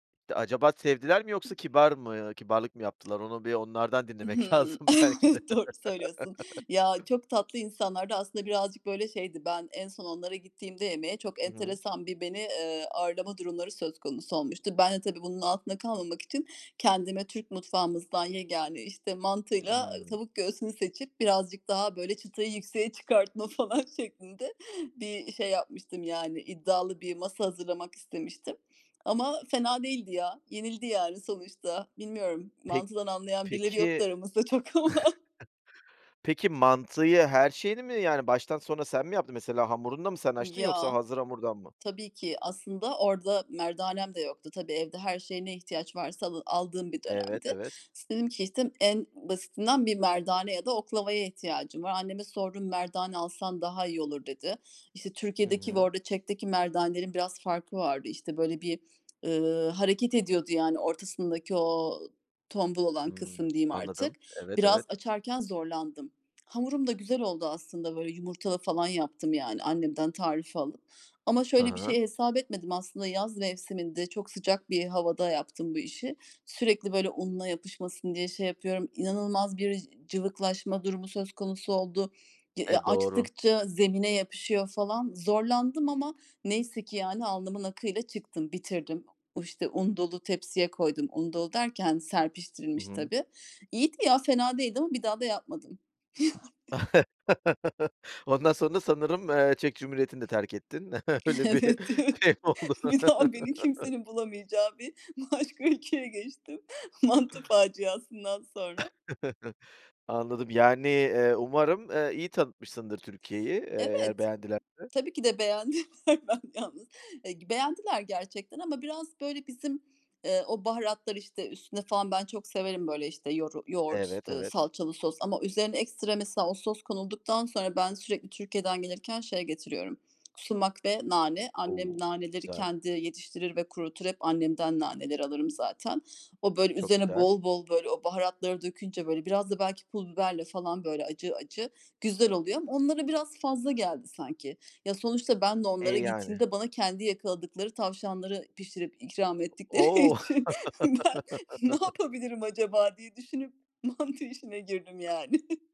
Acaba sevdiler mi yoksa kibar mı kibarlık mı yaptılar? Onu bir onlardan dinlemek Hımm. lazım belki de. Doğru söylüyorsun. Ya, çok tatlı insanlardı aslında birazcık böyle şeydi. Ben en son onlara gittiğimde yemeğe, çok Hı hı. enteresan bir beni, ııı, ağırlama durumları söz konusu olmuştu. Ben de tabii, bunun altında kalmamak için kendime Türk mutfağımızdan yegâne, işte mantıyla Hımm. tavuk göğsünü seçip, birazcık daha böyle çıtayı yükseğe çıkartma falan şeklinde bir şey yapmıştım. Yani iddialı bir masa hazırlamak istemiştim. Ama fena değildi ya, yenildi yani sonuçta. Bilmiyorum Pek mantıdan anlayan birileri yoktu peki. aramızda çok ama. Peki, mantıyı her şeyini mi? Yani baştan sona sen mi yaptın? Mesela hamurunu da mı sen açtın yoksa Ya, hazır hamurdan mı? tabii ki aslında orada merdanem de yoktu. Tabii, evde her şeye ne ihtiyaç varsa al aldığım bir Evet, dönemdi. evet. İs dedim ki işte, en basitinden bir merdane ya da oklavaya ihtiyacım var. Anneme sordum; "Merdane alsan daha iyi olur" dedi. İşte Hı Türkiye'deki ve hı. orada Çek'teki merdanenin biraz farkı vardı. İşte böyle bir, ııı, hareket ediyordu yani, ortasındaki o tombul olan kısım Hımm. diyeyim artık. Anladım. Evet, Biraz evet. açarken zorlandım. Hamurum da güzel oldu aslında, böyle yumurtalı falan yaptım yani, annemden tarifi alıp. Ama Hı şöyle bir hı. şey hesap etmedim aslında yaz mevsiminde, çok sıcak bir havada yaptım bu işi. Sürekli böyle unla yapışmasın diye şey yapıyorum, inanılmaz bir cıvıklaşma durumu söz konusu oldu. D ııı E, doğru. açtıkça zemine yapışıyor falan. Zorlandım ama neyse ki yani, alnımın akıyla çıktım, bitirdim. O işte un dolu tepsiye koydum. Un dolu derken Hı serpiştirilmiş hı. tabii. İyiydi ya fena değildi ama bir daha da yapmadım yani. Ondan sonra sanırım, ııı, Çek Cumhuriyeti'ni de terk ettin. Öyle bir Evet, evet. şey mi oldu? Bir daha beni kimsenin bulamayacağı bir başka ülkeye geçtim, mantı faciasından sonra. Anladım. Yani, eee, umarım, ııı, iyi tanıtmışsındır Türkiye'yi; ııı, eğer Evet. beğendilerse. Tabii ki de beğendiler, ben yalnız [unintelligible] Beğendiler gerçekten ama biraz böyle bizim, ııı, o baharatlar işte üstüne falan ben çok severim böyle işte yoru yoğurt, Evet, evet. salçalı sos ama üzerine ekstra mesela o sos konulduktan sonra; ben sürekli Türkiye'den gelirken şey getiriyorum k sumak ve nane. O! Annem naneleri Güzel. kendi yetiştirir ve kurutur. Hep annemden naneleri alırım zaten. O böyle Çok üzerine güzel. bol bol böyle o baharatları dökünce böyle, biraz da belki pul biberle falan böyle acı acı güzel oluyor. Ama onlara biraz fazla geldi sanki. Ya, sonuçta ben de E, onlara yani. gittiğimde bana kendi yakaladıkları tavşanları pişirip ikram ettikleri O o. için, ben ne yapabilirim acaba diye düşünüp. mantı işine girdim yani.